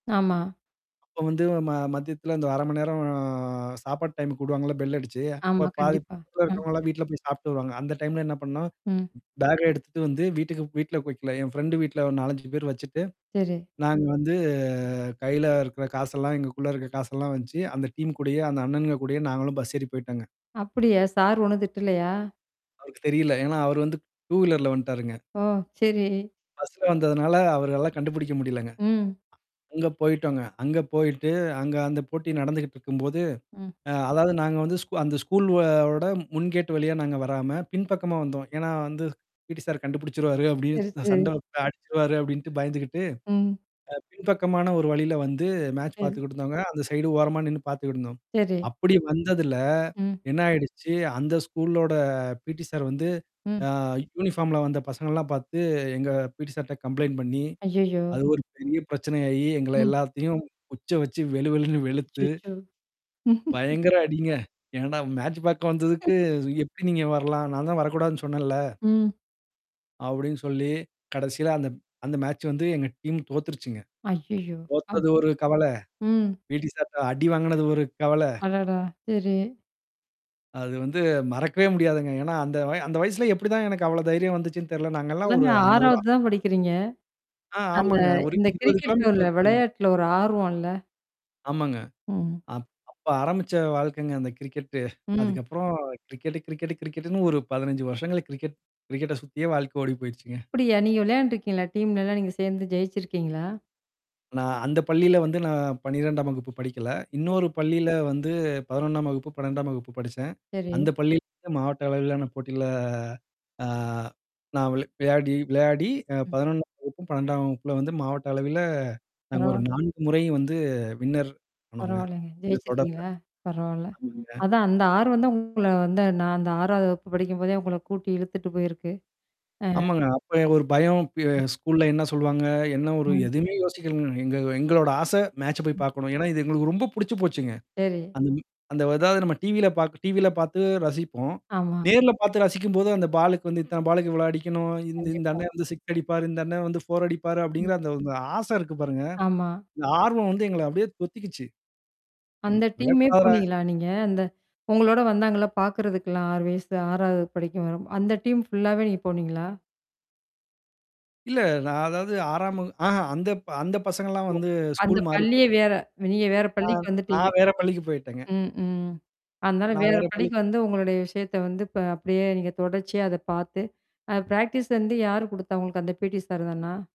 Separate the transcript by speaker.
Speaker 1: ஆமா.
Speaker 2: அப்ப வந்து ம மத்தியத்துல இந்த 1/2 மணி நேரம் ஆ சாப்பாட்டு டைமுக்கு விடுவாங்கல்ல, பெல் அடிச்சு. அப்ப
Speaker 1: ஆமா,
Speaker 2: பாதி
Speaker 1: கண்டிப்பா.
Speaker 2: பக்கத்துல
Speaker 1: ம்.
Speaker 2: இருக்கிறவங்கலாம் வீட்ல போய் சாப்புட்டு வருவாங்க. அந்த டைம்ல என்ன பண்ணோம்.
Speaker 1: ம்.
Speaker 2: பேக்க எடுத்துட்டு வந்து வீட்டுக்கு வீட்ல குடுக்கல. என் ஃப்ரெண்ட் வீட்ல ஒரு 4, 5 பேர் வச்சுட்டு.
Speaker 1: சரி.
Speaker 2: நாங்க வந்து கையில இருக்கிற காசெல்லாம் எங்களுக்குள்ள இருக்க காசெல்லாம் வச்சு அந்த டீம் கூடயோ, அந்த அண்ணன்ங்க கூடயோ நாங்களும் பஸ் ஏறி போய்ட்டோங்க.
Speaker 1: அப்படியா? சார் ஒண்ணும் திட்டலையா?
Speaker 2: அவருக்கு தெரியல. ஏன்னா அவரு வந்து டூவீலர்ல வந்துட்டாருங்க.
Speaker 1: ஓ! சரி.
Speaker 2: பஸ்ல வந்ததுனால அவருனால கண்டுபிடிக்க முடியலங்க. அ
Speaker 1: ம்.
Speaker 2: அங்க போயிட்டோங்க. அங்க போயிட்டு, அங்க அந்த போட்டி நடந்துகிட்டு இருக்கும்போது.
Speaker 1: ம்.
Speaker 2: அ அதாவது நாங்க வந்து ஸ்கூ அந்த ஸ்கூல்வோட முன் கேட்டு வழியா நாங்க வராம பின்பக்கமா வந்தோம். ஏன்னா வந்து பீடி சார் கண்டுபிடிச்சுருவாரு. அப்படின்னு
Speaker 1: சரி,
Speaker 2: நான் சண்ட
Speaker 1: சரி.
Speaker 2: வந்து அடிச்சுருவாரு. அப்டின்ட்டு பயந்துகிட்டு
Speaker 1: ம்.
Speaker 2: அ பின்பக்கமான ஒரு வழியில வந்து, மேட்ச்
Speaker 1: சரி.
Speaker 2: பார்த்துக்கிட்டுந்தோங்க. அந்த சைடு ஓரமா நின்னு பார்த்துக்கிட்டு இருந்தோம்.
Speaker 1: சரி.
Speaker 2: அப்படி வந்ததுல
Speaker 1: ம்.
Speaker 2: என்ன ஆயிடுச்சு, அந்த ஸ்கூல்லோட பீடி சார் வந்து
Speaker 1: ம்.
Speaker 2: அ யூனிஃபார்ம்ல வந்த பசங்கள்லாம் பார்த்து எங்க பீடி சார்ட்ட கம்ப்ளைண்ட் பண்ணி
Speaker 1: ஐயய்யோ!
Speaker 2: அது ஒரு பெரிய பிரச்சனை ஆகி, எங்கள
Speaker 1: ம்.
Speaker 2: எல்லாத்தையும் குச்ச வச்சு வெளு வெளுன்னு வெளுத்து
Speaker 1: அச்சச்சோ!
Speaker 2: பயங்கர அடிங்க. என்னடா மேட்ச் பார்க்க
Speaker 1: ம்.
Speaker 2: வந்ததுக்கு "எப்படி நீங்க வரலாம்? நான் தான் வரக்கூடாதுன்னு சொன்னேன்ல"
Speaker 1: ம்.
Speaker 2: அப்டின்னு சொல்லி, கடைசியில அந்த அந்த மேட்ச் வந்து எங்க டீம் தோத்துருச்சுங்க.
Speaker 1: ஐய்யய்யோ! அப்
Speaker 2: தோத்தது ஒரு கவல,
Speaker 1: ம்.
Speaker 2: பீடி சார்ட அடி வாங்குனது ஒரு கவல.
Speaker 1: அடடா! சரி.
Speaker 2: அது வந்து மறக்கவே முடியாதுங்க. ஏன்னா அந்த வய அந்த வயசுல எப்படிதான் எனக்கு அவ்வளோ தைரியம் வந்துச்சுன்னு தெரல. நாங்கலாம்
Speaker 1: அதான
Speaker 2: ஒரு அந்த ஒரு ஆ.
Speaker 1: 6வது தான் படிக்கிறீங்க.
Speaker 2: ஆ,
Speaker 1: அந்த
Speaker 2: ஆமாங்க. ஒரு
Speaker 1: இந்த
Speaker 2: 20
Speaker 1: கிரிக்கெட்ல
Speaker 2: கிலோமீட்டர்
Speaker 1: உள்ள
Speaker 2: இருக்குங்க.
Speaker 1: விளையாட்டுல்ல ஒரு ஆர்வோம்ல்ல?
Speaker 2: ஆமாங்க.
Speaker 1: ம்.
Speaker 2: அப் அப்ப ஆரம்பிச்ச வாழ்க்கைங்க அந்த கிரிக்கெட்டு.
Speaker 1: ம்.
Speaker 2: அதுக்கப்புறம் கிரிக்கெட்டு கிரிக்கெட்டு கிரிக்கெட்டுன்னு ஒரு 15 வருஷங்கள்ல கிரிக்கெட் கிரிக்கெட்ட சுத்தியே வாழ்க்க ஓடி போயிடுச்சுங்க.
Speaker 1: அப்படியா? நீங்க விளையாண்டுருக்கீங்களா? டீம்லல்லாம் நீங்க சேர்ந்து ஜெயிச்சிருக்கீங்களா?
Speaker 2: நான் அந்த பள்ளியில வந்து நான் 12ஆம் வகுப்பு படிக்கல. இன்னொரு பள்ளியில வந்து, 11 ஆம் வகுப்பு, 12ஆம் வகுப்பு படிச்சேன்.
Speaker 1: சரி.
Speaker 2: அந்த பள்ளியில இருந்து மாவட்ட அளவிலான போட்டியில ஆ நான் விள விளையாடி விளையாடி அ
Speaker 1: ம்.
Speaker 2: 11 ஆம் வகுப்பும், 12 வகுப்புல வந்து மாவட்ட அளவில நாங்க ஒரு
Speaker 1: பரவால
Speaker 2: 4 முறை வந்து, வின்னர் ஆனோங்க.
Speaker 1: பரவால்லங்க
Speaker 2: அந்த தொடர்ல
Speaker 1: ஜெயச்சுட்டீங்களா? பரவால்ல.
Speaker 2: ஆமாங்க.
Speaker 1: அதான் அந்த ஆர்வந்தான் உங்கள வந்து நான் அந்த 6 வகுப்பு படிக்கும் போதே உங்கள கூட்டி இழுத்துட்டு போயிருக்கு. அ.
Speaker 2: ஆமாங்க. அப்ப என் ஒரு பயம் ப ஸ்கூல்ல என்ன சொல்லுவாங்க? என்ன ஒரு
Speaker 1: ம்.
Speaker 2: எதுவுமே யோசிக்கலங்க. எங்க எங்களோட ஆச. மேட்ச போய்
Speaker 1: ம்.
Speaker 2: பார்க்கணும். ஏன்னா, இது எங்களுக்கு ரொம்ப புடிச்சு போச்சுங்க.
Speaker 1: சரி.
Speaker 2: அந்த மி அந்த அதாவது நம்ம டிவில பா டிவில பார்த்து ரசிப்போம்.
Speaker 1: ஆமா.
Speaker 2: நேர்ல பார்த்து ரசிக்கும்போது அந்த பாலுக்கு வந்து இத்தன பாலுக்கு இவ்வளோ அடிக்கணும். இந்த, இந்த
Speaker 1: கண்டிப்பா.
Speaker 2: அண்ணன் வந்து 6 அடிப்பாரு. இந்த அண்ணன் வந்து 4 அடிப்பாரு. அப்படிங்கிற அந்த ஒரு ஆசை இருக்கு பாருங்க.
Speaker 1: ஆமா.
Speaker 2: இந்த ஆர்வம் வந்து எங்கள அப்படியே தொத்திக்கிச்சு. வி
Speaker 1: அந்த டீமே
Speaker 2: விடக்கூடாதுடா.
Speaker 1: போனீங்களா நீங்க? அந்த உங்களோட வந்தாங்கள்ல பார்கறதுக்கெல்லாம் 6 வயசுல 6ஆவது படிக்க வரும் அந்த டீம் ஃபுல்லாவே நீங்க போனீங்களா?
Speaker 2: இல்ல. நான் அதாவது 6 வகு ஆஹன் அந்த அந்த பசங்கலாம்
Speaker 1: ஆமா.
Speaker 2: வந்து
Speaker 1: அந்த
Speaker 2: ஸ்கூல் மாறி
Speaker 1: பள்ளியே
Speaker 2: போய்ட்டாங்க.
Speaker 1: வேற நீங்க வேற
Speaker 2: நான்
Speaker 1: பள்ளிக்கு
Speaker 2: ஆ
Speaker 1: வந்துட்டீங்க.
Speaker 2: நான் வேற பள்ளிக்கு போயி்ட்டேங்க.
Speaker 1: ம், ம். அதனால,
Speaker 2: நான்
Speaker 1: வேற
Speaker 2: வேற பள்ளி
Speaker 1: பள்ளிக்கு வந்து உங்களுடைய விஷயத்த வந்து ப அப்படியே நீங்க தொடர்ச்சியா அத பார்த்து அ பிராக்டிஸ் வந்து யார் குடுத்தா உங்களுக்கு அந்த பீடி சார் தானா?